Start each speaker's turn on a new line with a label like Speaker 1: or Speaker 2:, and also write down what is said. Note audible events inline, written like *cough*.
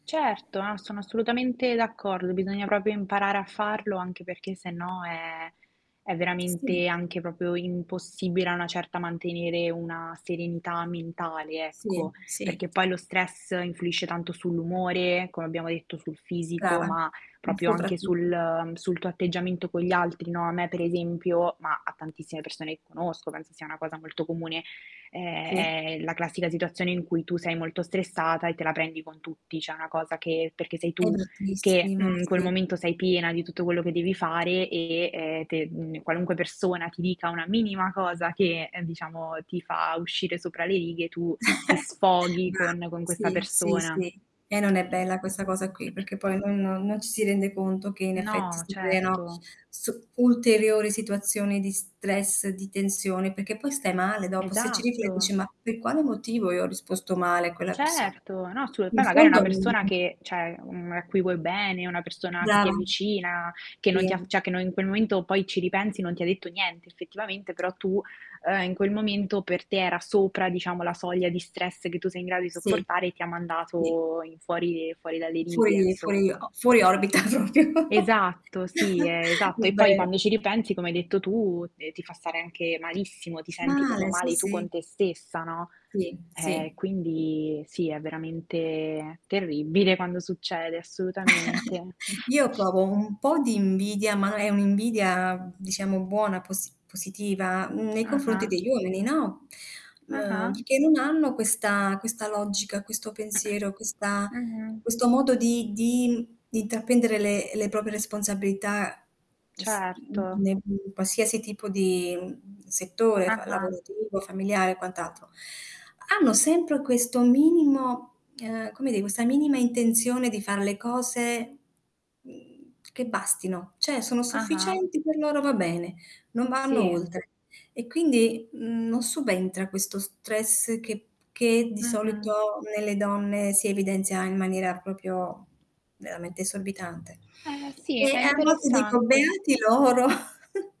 Speaker 1: Certo, a sono assolutamente d'accordo, bisogna proprio imparare a farlo, anche perché sennò è è
Speaker 2: Sì
Speaker 1: veramente anche proprio impossibile a una certa mantenere una serenità mentale, ecco.
Speaker 2: Sì, si.
Speaker 1: Perché poi lo stress influisce tanto sull'umore, come abbiamo detto, sul fisico,
Speaker 2: Brava,
Speaker 1: ma proprio anche
Speaker 2: soprattutto.
Speaker 1: sul sul tuo atteggiamento con gli altri, no. A me per esempio, ma a tantissime persone che conosco, penso sia una cosa molto comune, è
Speaker 2: Sì.
Speaker 1: è la classica situazione in cui tu sei molto stressata e te la prendi con tutti. Cioè è una cosa che perché sei
Speaker 2: È
Speaker 1: tu che,
Speaker 2: bruttissimo.
Speaker 1: mhmm, in quel
Speaker 2: Sì.
Speaker 1: momento sei piena di tutto quello che devi fare e e te mhmm, qualunque persona ti dica una minima cosa che, ehm, diciamo, ti fa uscire sopra le righe, tu ti
Speaker 2: *chuckles*
Speaker 1: sfoghi
Speaker 2: Brava.
Speaker 1: con con questa
Speaker 2: Sì, sì,
Speaker 1: persona.
Speaker 2: sì. E non è
Speaker 1: E
Speaker 2: bella questa cosa qui,
Speaker 1: *clears throat*
Speaker 2: perché poi noi non non ci si rende conto che in effetti
Speaker 1: No,
Speaker 2: si creano
Speaker 1: certo.
Speaker 2: su ulteriori situazioni di stress, di tensione, perché poi stai male dopo. Se ci rifle e dici:
Speaker 1: Esatto.
Speaker 2: "Ma per quale motivo io ho risposto male a quella persona?"
Speaker 1: Certo. No, assolu
Speaker 2: In
Speaker 1: poi magari è una
Speaker 2: fondo n
Speaker 1: persona che, cioè, mhmm, a cui vuoi bene, una persona che ti
Speaker 2: Brava.
Speaker 1: è vicina, che non ti ha
Speaker 2: Sì.
Speaker 1: cioè, che no in quel momento poi ci ripensi, non ti ha detto niente effettivamente, però, tu ehm, in quel momento per te era sopra, diciamo, la soglia di stress che tu sei in grado di
Speaker 2: Sì.
Speaker 1: sopportare e ti ha
Speaker 2: Sì.
Speaker 1: mandato in fuori fuori dalle righe,
Speaker 2: Fuori fuori
Speaker 1: insomma.
Speaker 2: o fuori orbita proprio.
Speaker 1: Esatto, sì, è esatto. E poi
Speaker 2: *chuckles* *unintelligible*
Speaker 1: quando ci ripensi, come hai detto tu, e ti fa stare anche malissimo, ti senti proprio
Speaker 2: Male sì, sì.
Speaker 1: male tu
Speaker 2: Sì,
Speaker 1: con
Speaker 2: sì.
Speaker 1: te stessa, no.
Speaker 2: Sì,
Speaker 1: Eh,
Speaker 2: sì.
Speaker 1: quindi sì, è veramente terribile quando succede,
Speaker 2: *chuckles*
Speaker 1: assolutamente. *chuckles*
Speaker 2: Io provo un po' di invidia, ma è un'invidia, diciamo buona posi positiva nei confronti
Speaker 1: Ah-ah.
Speaker 2: degli uomini, no. *inhales* Ehm,
Speaker 1: Ah-ah.
Speaker 2: perché non hanno questa questa logica, questo pensiero, questa
Speaker 1: *clears throat* Mh-mh.
Speaker 2: questo modo di di di intraprendere le le proprie responsabilità, es mhmm,
Speaker 1: Certo.
Speaker 2: ne in qualsiasi tipo di, mhmm, settore fa
Speaker 1: Ah-ah.
Speaker 2: lavorativo, familiare e quant'altro. Hanno sempre questo minimo, ehm, come di questa minima intenzione di fare le cose, mhmm, che bastino, cioè, sono
Speaker 1: Ah-ah.
Speaker 2: sufficienti per loro va bene, non vanno
Speaker 1: Sì.
Speaker 2: oltre. E quindi, mhmm, non subentra questo stress che che di
Speaker 1: Mh-mh.
Speaker 2: solito nelle donne si evidenzia in maniera proprio veramente esorbitante.
Speaker 1: Eh, sì.
Speaker 2: E
Speaker 1: È
Speaker 2: a volte dico:
Speaker 1: interessante.
Speaker 2: "Beati loro". *chuckles*